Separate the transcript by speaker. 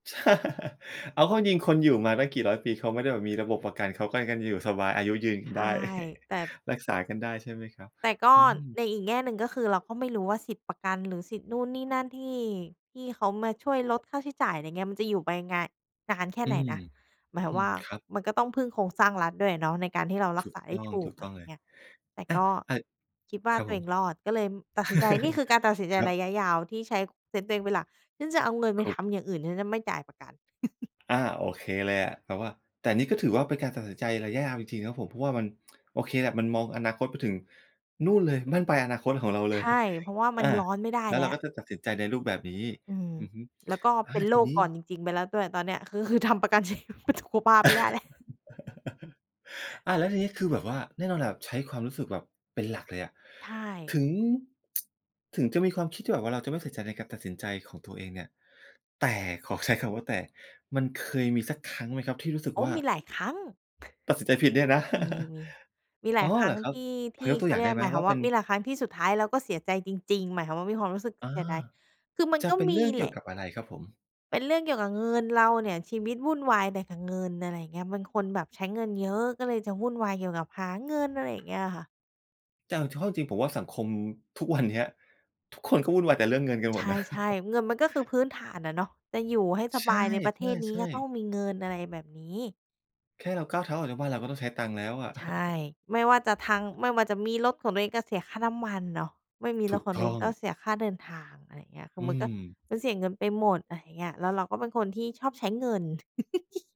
Speaker 1: เอาเข้าจริง ๆ คนอยู่มาตั้งกี่ร้อยปี เขาไม่ได้แบบมีระบบประกัน เขาก็ยังอยู่สบาย อายุยืนก
Speaker 2: ใ
Speaker 1: ั
Speaker 2: ช
Speaker 1: นไ
Speaker 2: ่
Speaker 1: ด้
Speaker 2: แต่
Speaker 1: รักษากันได้ ใช่ไหมครับ?
Speaker 2: แต่ก็
Speaker 1: อืม
Speaker 2: ในอีกแง่หนึ่ง ก็คือเราก็ไม่รู้ว่าสิทธิ์ประกันหรือสิทธิ์นู่นนี่นั่นที่ ที่เขามาช่วยลดค่าใช้จ่าย อะไรเงี้ย มันจะอยู่ไปงา นานแค่
Speaker 1: อื
Speaker 2: ไหน
Speaker 1: ม
Speaker 2: นะ หมาย
Speaker 1: อ
Speaker 2: ควา
Speaker 1: ื
Speaker 2: มว
Speaker 1: ม
Speaker 2: ่า
Speaker 1: ครับ
Speaker 2: มันก็ต้องพึ่งโครงสร้างรัฐด้วยอะเนาะ ในการที่เรารั
Speaker 1: ถ
Speaker 2: ก
Speaker 1: ู
Speaker 2: ษ
Speaker 1: ก
Speaker 2: าไ
Speaker 1: ต
Speaker 2: ด้
Speaker 1: ้อง
Speaker 2: ถู
Speaker 1: ถู
Speaker 2: ก
Speaker 1: ก
Speaker 2: อ
Speaker 1: ต
Speaker 2: ะ
Speaker 1: ้
Speaker 2: ไร
Speaker 1: องเลย
Speaker 2: เงี้ย แต่
Speaker 1: อา
Speaker 2: ก็
Speaker 1: อ
Speaker 2: คิดว่า
Speaker 1: ครับ
Speaker 2: ตั
Speaker 1: ผ
Speaker 2: วเอ
Speaker 1: ม
Speaker 2: งรอดก็เลยตัดสินใจ นี่คือการตัดสินใจ
Speaker 1: ครั
Speaker 2: ร
Speaker 1: บ
Speaker 2: ะยะยาวที่ใช้เซนส์ตัวเองเป็นหลัก ฉันจะเอาเงินไ
Speaker 1: ข
Speaker 2: ปทำ
Speaker 1: ก
Speaker 2: อย่างอื่น ฉันจะไม่จ่ายประกัน
Speaker 1: อา โอเคเลยอะ แต่ว่า แต่นี่ก็ถือว่า เป็นการตัดสินใจระยะยาวจริง ๆ นะครับผม เพราะว่ามัน โอเคแหละ มันมองอนาคตไปถึงนู่นเลย บั้นปลายอนาคตของเราเ
Speaker 2: ใ
Speaker 1: ล
Speaker 2: ช
Speaker 1: ย
Speaker 2: ่ เพราะว่ามั
Speaker 1: อ
Speaker 2: น
Speaker 1: า
Speaker 2: ย้อนไม่ได้
Speaker 1: แล้ว
Speaker 2: แล้
Speaker 1: เรา
Speaker 2: ว
Speaker 1: ก็จะตัดสินใจในรูปแบบนี้
Speaker 2: อืม
Speaker 1: อือฮึ
Speaker 2: แล้วก็
Speaker 1: อา
Speaker 2: เป็นโ
Speaker 1: ท
Speaker 2: ร
Speaker 1: ี
Speaker 2: ค
Speaker 1: นี
Speaker 2: ก่
Speaker 1: ้
Speaker 2: อนจริง ๆ ไปแล้วด้วยตอนเนี้ย คือ คือทำประกัน ชีวิตสุขภาพไม่ได้แล้ว
Speaker 1: อา แล้วทีนี้ คือแบบว่า แน่นอนแหละ ใช้ความรู้สึกแบบ เป็นหลักเลยอะ
Speaker 2: ใช่
Speaker 1: ถึง ถึงจะมีความคิดที่แบบเราจะไม่ใส่ใจในการตัดสินใจของตัวเองเนี่ย แต่ ขอใช้คำว่าแต่มันเคยมีสักครั้งไหมครับที่รู้สึ
Speaker 2: โ
Speaker 1: ก
Speaker 2: อ้!
Speaker 1: ว่า
Speaker 2: มีหลายครั้ง
Speaker 1: ตัดสินใจผิดเนี่ยนะ
Speaker 2: มี ๆ มีหล
Speaker 1: อ๋
Speaker 2: า
Speaker 1: อ
Speaker 2: ยครั
Speaker 1: เห
Speaker 2: ้
Speaker 1: ร
Speaker 2: ง
Speaker 1: อครั
Speaker 2: ท
Speaker 1: บ?
Speaker 2: ี่ ท
Speaker 1: พ
Speaker 2: ี
Speaker 1: อ
Speaker 2: ่
Speaker 1: ยกตั
Speaker 2: เข
Speaker 1: วอ
Speaker 2: า
Speaker 1: ย่
Speaker 2: เ
Speaker 1: า
Speaker 2: ร
Speaker 1: ง
Speaker 2: ี
Speaker 1: ไ
Speaker 2: ย
Speaker 1: ด
Speaker 2: ก
Speaker 1: ้ไหม
Speaker 2: หมายค
Speaker 1: ว
Speaker 2: วา
Speaker 1: ่า
Speaker 2: ม
Speaker 1: เ
Speaker 2: ว
Speaker 1: ป
Speaker 2: ่
Speaker 1: ็
Speaker 2: า
Speaker 1: น
Speaker 2: มีหลายครั้งที่สุดท้ายเราก็เสียใจจริง ๆ หมายความว่า มีความรู้สึก
Speaker 1: อ๋อ
Speaker 2: เสียดาย คือมัน
Speaker 1: จะ
Speaker 2: ก็
Speaker 1: เป็น
Speaker 2: มี
Speaker 1: เรื่องเ
Speaker 2: แ
Speaker 1: ก
Speaker 2: ห
Speaker 1: ี
Speaker 2: ล
Speaker 1: ่ยว
Speaker 2: ะ
Speaker 1: กับอะไรครับผม?
Speaker 2: เป็นเรื่องเกี่ยวกับเงินเราเนี่ย ชีวิตวุ่นวายแต่กับเงิน อะไรอย่างเงี้ย เป็นคนแบบใช้เงินเยอะ ก็เลยจะวุ่นวายเกี่ยวกับหาเงิน อะไรอย่างเงี้ยค่ะ
Speaker 1: แต่เอาเข้าจริง ๆ ผมว่า สังคมทุกวันเนี้ย ทุกคนก็วุ่นวายแต่เรื่องเงินกัน
Speaker 2: ใ
Speaker 1: หม
Speaker 2: ช
Speaker 1: ดนะ
Speaker 2: ่ ๆ เงินมันก็คือพื้นฐานอะเนาะ จะอยู่ให้ส
Speaker 1: ใช
Speaker 2: บายในประเทศนี้
Speaker 1: ่
Speaker 2: ก็ต้
Speaker 1: ๆ
Speaker 2: อ
Speaker 1: ๆ
Speaker 2: งมีเงิน อะไรแบบนี้
Speaker 1: แค่เราก้าวเท้าออกจากบ้านเราก็ต้องใช้ตังค์แล้วอะ
Speaker 2: ใช่ ไม่ว่าจะทาง ไม่ว่าจะมีรถของตัวเองก็เสียค่าน้ำมันเนาะ ไม่มี
Speaker 1: ถ
Speaker 2: ร
Speaker 1: ู
Speaker 2: ถ
Speaker 1: ก
Speaker 2: ของต
Speaker 1: ต
Speaker 2: ัวเอ
Speaker 1: ้อ
Speaker 2: ง
Speaker 1: ง
Speaker 2: ก็เสียค่าเดินทาง อะไรอย่างเงี้ย คื
Speaker 1: อ
Speaker 2: อ
Speaker 1: ื
Speaker 2: มันก็
Speaker 1: ม
Speaker 2: มันเสียเงินไปหมด อะไรอย่างเงี้ย แล้วเราก็เป็นคนที่ชอบใช้เงิน